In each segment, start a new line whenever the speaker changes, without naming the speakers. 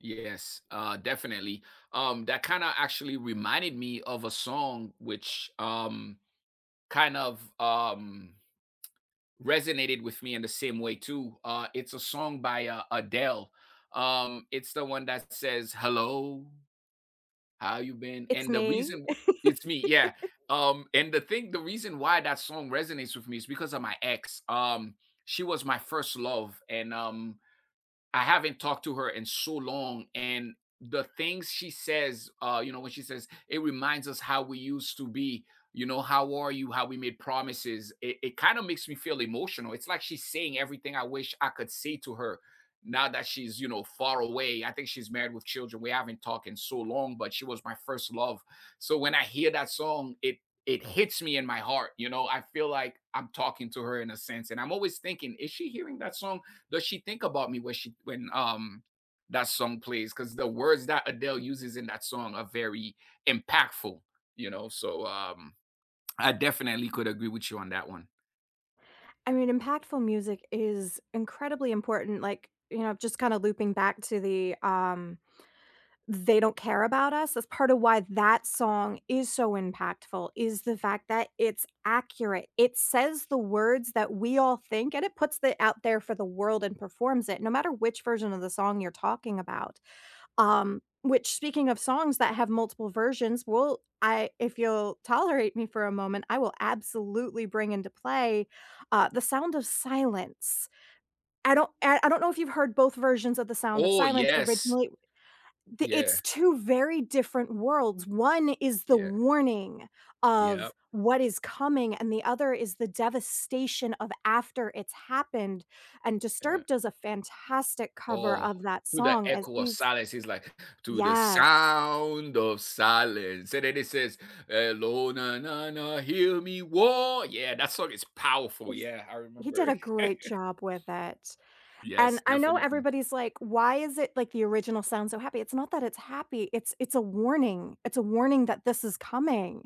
Yes, uh, definitely. Um, that kinda actually reminded me of a song, which, um, kind of, um, resonated with me in the same way too. Uh, it's a song by, uh, Adele, um, it's the one that says, "Hello, how you been?"
It's
And the
me.
reason it's me. Yeah, um, and the thing the reason why that song resonates with me is because of my ex. Um, she was my 1st love and, um, I haven't talked to her in so long and the things she says, uh, you know, when she says, "it reminds us how we used to be." You know, "How are you, how we made promises," it it kinda makes me feel emotional. It's, like, she's saying everything I wish I could say to her now that she's, you know, far away. I think she's married with children. We haven't talked in so long, but she was my 1st love. So, when I hear that song, it it hits me in my heart, you know, I feel like I'm talking to her in a sense, and I'm always thinking, "Is she hearing that song? Does she think about me when she when, um, that song plays?" 'Cause the words that Adele uses in that song are very impactful, you know, so, um, I definitely could agree with you on that one.
I mean, impactful music is incredibly important, like, you know, just kinda looping back to the, um, "They don't care about us." That's part of why that song is so impactful, is the fact that it's accurate. It says the words that we all think, and it puts it out there for the world and performs it, no matter which version of the song you're talking about, um, which speaking of songs that have multiple versions, well, I if you'll tolerate me for a moment, I will absolutely bring into play, uh, The Sound of Silence. I don't I I don't know if you've heard both versions of The Sound of
Oh,
Silence
yes.
originally the it's
Yeah.
2 very different worlds. One is the
Yeah.
warning
Yup.
of what is coming, and the other is the devastation of after it's happened, and
Yeah.
Disturbed does a fantastic cover
Oh,
of that
to the
song as
echo of
he's
silence, he's like, "To the
Yes.
sound of silence." And then he says, "Hello na na na, hear me war." Yeah, that song is powerful, yeah, I
He did a
remember.
great job with it,
Yes,
and I know
definitely.
everybody's like, "Why is it, like, the original sound so happy?" It's not that it's happy, it's it's a warning, it's a warning that this is coming,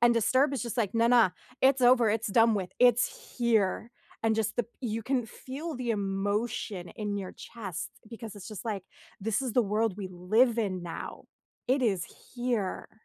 and disturbed is just like, "Na, na, it's over, it's done with, it's here", and just the you can feel the emotion in your chest because it's just like, this is the world we live in now, it is here.